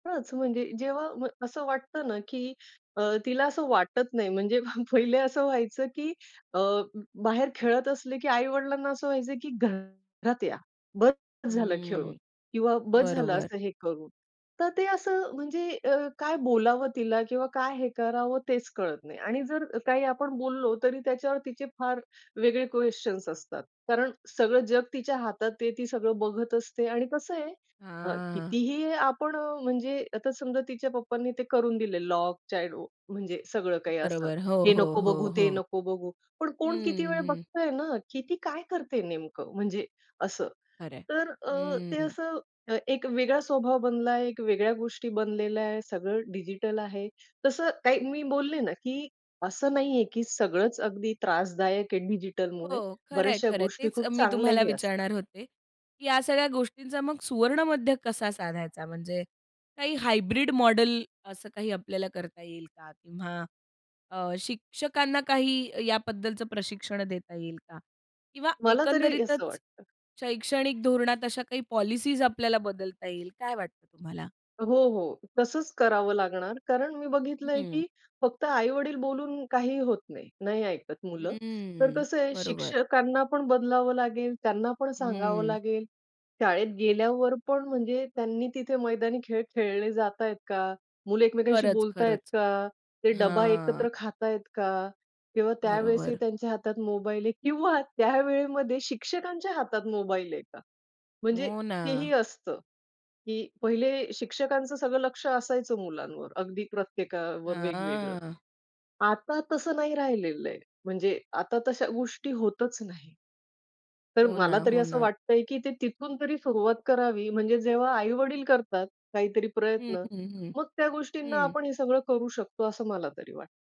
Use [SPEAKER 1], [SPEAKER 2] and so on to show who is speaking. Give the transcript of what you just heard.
[SPEAKER 1] हाच, म्हणजे जेव्हा म्ह असं वाटतं ना की अ, तिला असं वाटत नाही, म्हणजे पहा, पहिले असं व्हायचं की अ, बाहेर खेळत असले की आई-वडिलांना असं व्हायचं की घरात या, बस झालं
[SPEAKER 2] हम्म,
[SPEAKER 1] खेळून किंवा बस झालं
[SPEAKER 2] बरोबर.
[SPEAKER 1] असं हे करून. तर ते असं, म्हणजे अ, काय बोलावं तिला किंवा काय हे करावं? तेच कळत नाही आणि जर काही आपण बोललो, तरी त्याच्यावर तिचे फार वेगळे क्वेश्चन्स असतात. कारण सगळं जग तिच्या हातात, आता ते ती सगळं बघत असते आणि कसं आहे अ,
[SPEAKER 2] हां.
[SPEAKER 1] कितीही आपण अ, म्हणजे आता समजा तिच्या पप्पांनी ते करून दिले लॉकच चाहीडो म्हणजे सगळं काही असं,
[SPEAKER 2] बरोबर, हो,
[SPEAKER 1] हे
[SPEAKER 2] हो,
[SPEAKER 1] नको बघू,
[SPEAKER 2] हो,
[SPEAKER 1] ते
[SPEAKER 2] हो.
[SPEAKER 1] नको बघू. पण कोण किती
[SPEAKER 2] हं,
[SPEAKER 1] वेळ
[SPEAKER 2] हं.
[SPEAKER 1] बघतंय ना की ती काय करते नेमकं? म्हणजे असं.
[SPEAKER 2] खरं आहे.
[SPEAKER 1] तर अ, ते
[SPEAKER 2] हं.
[SPEAKER 1] असं अ, एक वेगळा स्वभाव बनला आहे, एक वेगळ्या गोष्टी बनलेल्या आहे सगळं डिजिटल आहेत. तसं काही मी बोलले ना की असं नाही आहे की सगळंच अगदी त्रासदायक आहे डिजिटलमुळे,
[SPEAKER 2] हो, खरंय,
[SPEAKER 1] बऱ्याचश्या
[SPEAKER 2] खरंय.
[SPEAKER 1] गोष्टी
[SPEAKER 2] तेच अ,
[SPEAKER 1] खूप
[SPEAKER 2] मी
[SPEAKER 1] चांगल्या
[SPEAKER 2] तुम्हाला
[SPEAKER 1] ही असतात.
[SPEAKER 2] विचारणार होते. या सगळ्या गोष्टींचा मग सुवर्णमध्य कसा साधायचा? म्हणजे काही हायब्रिड मॉडेल असं काही आपल्याला करता येईल का? किंवा अ, शिक्षकांना काही याबद्दलचं प्रशिक्षण देता येईल का? किंवा
[SPEAKER 1] मला तरी असं
[SPEAKER 2] एकंदरीतच
[SPEAKER 1] वाटतं.
[SPEAKER 2] शैक्षणिक धोरणात अशा काही पॉलिसीज आपल्याला बदलता येईल, काय वाटतं तुम्हाला?
[SPEAKER 1] हो, हो. तसंच करावं लागणार, कारण मी बघितलं आहे
[SPEAKER 2] हं.
[SPEAKER 1] की फक्त आई-वडील बोलून काहीही होत नाही, नाही ऐकत मुलं. तर
[SPEAKER 2] हं,
[SPEAKER 1] कसं आहे,
[SPEAKER 2] बरोबर.
[SPEAKER 1] शिक्षकांना पण बदलावं लागेल, त्यांना पण सांगावं
[SPEAKER 2] हं.
[SPEAKER 1] लागेल. शाळेत गेल्यावर पण, म्हणजे त्यांनी तिथे मैदानी खेळ खेळले जातायेत का? मुलं एकमेकांशी
[SPEAKER 2] खरंच,
[SPEAKER 1] बोलतायेत
[SPEAKER 2] खरंच.
[SPEAKER 1] का? ते डबा
[SPEAKER 2] हां.
[SPEAKER 1] एकत्र खातायत का? किंवा त्यावेळेस ही
[SPEAKER 2] बरोबर.
[SPEAKER 1] त्यांच्या हातात मोबाईल आहे किंवा त्या वेळेमध्ये शिक्षकांच्या हातात मोबाईल आहे का? म्हणजे
[SPEAKER 2] हो
[SPEAKER 1] ते
[SPEAKER 2] ना.
[SPEAKER 1] ही असतं की पहिले शिक्षकांचं सगळं लक्ष असायचं मुलांवर, अगदी प्रत्येकावर वेगवेगळं.
[SPEAKER 2] हां.
[SPEAKER 1] आता तसं नाही राहिलेलं आहे, म्हणजे आता तश्या गोष्टी होतच नाहीत. तर
[SPEAKER 2] हो
[SPEAKER 1] मला
[SPEAKER 2] ना,
[SPEAKER 1] तरी
[SPEAKER 2] हो
[SPEAKER 1] असं
[SPEAKER 2] ना.
[SPEAKER 1] वाटतंय की ते तिथून तरी सुरुवात करावी, म्हणजे जेव्हा आई-वडील करतात, काहीतरी
[SPEAKER 2] हं,
[SPEAKER 1] प्रयत्न,
[SPEAKER 2] हं, हं,
[SPEAKER 1] मग त्या गोष्टींना
[SPEAKER 2] हं.
[SPEAKER 1] आपण हे सगळं करू शकतो, असं मला तरी वाटतं.